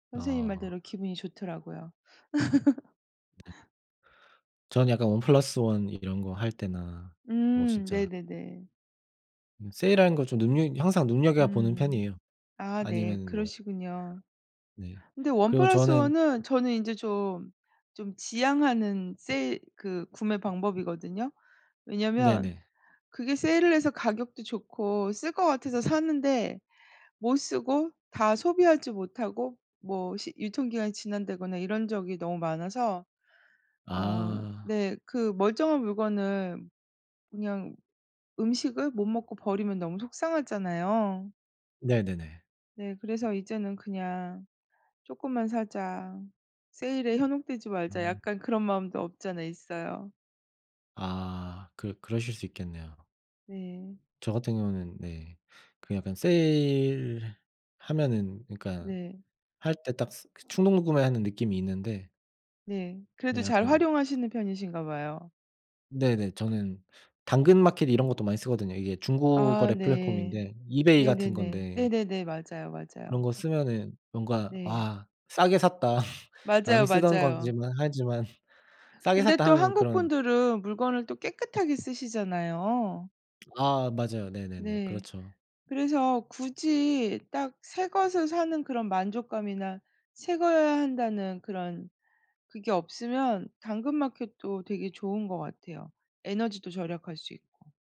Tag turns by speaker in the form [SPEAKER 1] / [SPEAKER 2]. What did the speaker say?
[SPEAKER 1] 선생님
[SPEAKER 2] 아.
[SPEAKER 1] 말대로 기분이 좋더라고요.
[SPEAKER 2] 네. 저는 약간 1+1 이런 거 할 때나 뭐
[SPEAKER 1] 음.
[SPEAKER 2] 진짜
[SPEAKER 1] 네네네.
[SPEAKER 2] 그냥 세일하는 걸 좀 눈여 항상 눈여겨보는
[SPEAKER 1] 음.
[SPEAKER 2] 편이에요.
[SPEAKER 1] 아 네.
[SPEAKER 2] 아니면은 뭐
[SPEAKER 1] 그러시군요.
[SPEAKER 2] 네.
[SPEAKER 1] 근데 원
[SPEAKER 2] 그리고
[SPEAKER 1] 플러스
[SPEAKER 2] 저는
[SPEAKER 1] 원 은 저는 인제 좀, 좀 지양하는 세일 그 구매 방법이거든요. 왜냐면
[SPEAKER 2] 네네.
[SPEAKER 1] 그게 세일을 해서 가격도 좋고 쓸 것 같아서 샀는데 못 쓰고 다 소비하지 못하고 뭐 시 유통기한이 지난다거나 이런 적이 너무 많아서 어
[SPEAKER 2] 아.
[SPEAKER 1] 네 그 멀쩡한 물건을 그냥 음식을 못 먹고 버리면 너무 속상하잖아요.
[SPEAKER 2] 네네네.
[SPEAKER 1] 네. 그래서 이제는 그냥 '쪼끔만 사자 세일에 현혹되지 말자.'
[SPEAKER 2] 음.
[SPEAKER 1] 약간 그런 마음도 없지 않아 있어요.
[SPEAKER 2] 아. 그 그러실 수 있겠네요.
[SPEAKER 1] 네.
[SPEAKER 2] 저 같은 경우는 네. 그 약간 세일 하면은 그니까
[SPEAKER 1] 네.
[SPEAKER 2] 할 때 딱 그 충동 구매하는 느낌이 있는데
[SPEAKER 1] 네. 그래도
[SPEAKER 2] 네.
[SPEAKER 1] 잘
[SPEAKER 2] 약간
[SPEAKER 1] 활용하시는 편이신가 봐요.
[SPEAKER 2] 네네. 저는 당근마켓 이런 것도 많이 쓰거든요. 이게 중고
[SPEAKER 1] 아
[SPEAKER 2] 거래
[SPEAKER 1] 네.
[SPEAKER 2] 플랫폼인데 이베이 같은
[SPEAKER 1] 네네네.
[SPEAKER 2] 건데
[SPEAKER 1] 네네네. 맞아요,
[SPEAKER 2] 그런
[SPEAKER 1] 맞아요.
[SPEAKER 2] 거 쓰면은 뭔가
[SPEAKER 1] 네.
[SPEAKER 2] '와 싸게 샀다. 남이
[SPEAKER 1] 맞아요,
[SPEAKER 2] 쓰던
[SPEAKER 1] 맞아요.
[SPEAKER 2] 거지만 하지만 싸게
[SPEAKER 1] 근데
[SPEAKER 2] 샀다.'
[SPEAKER 1] 또
[SPEAKER 2] 하는
[SPEAKER 1] 한국
[SPEAKER 2] 그런
[SPEAKER 1] 분들은 물건을 또 깨끗하게 쓰시잖아요.
[SPEAKER 2] 아. 맞아요. 네네네.
[SPEAKER 1] 네.
[SPEAKER 2] 그렇죠.
[SPEAKER 1] 그래서 굳이 딱 새 것을 사는 그런 만족감이나 새 거여야 한다는 그런 그게 없으면 당근마켓도 되게 좋은 것 같아요, 에너지도 절약할 수 있고.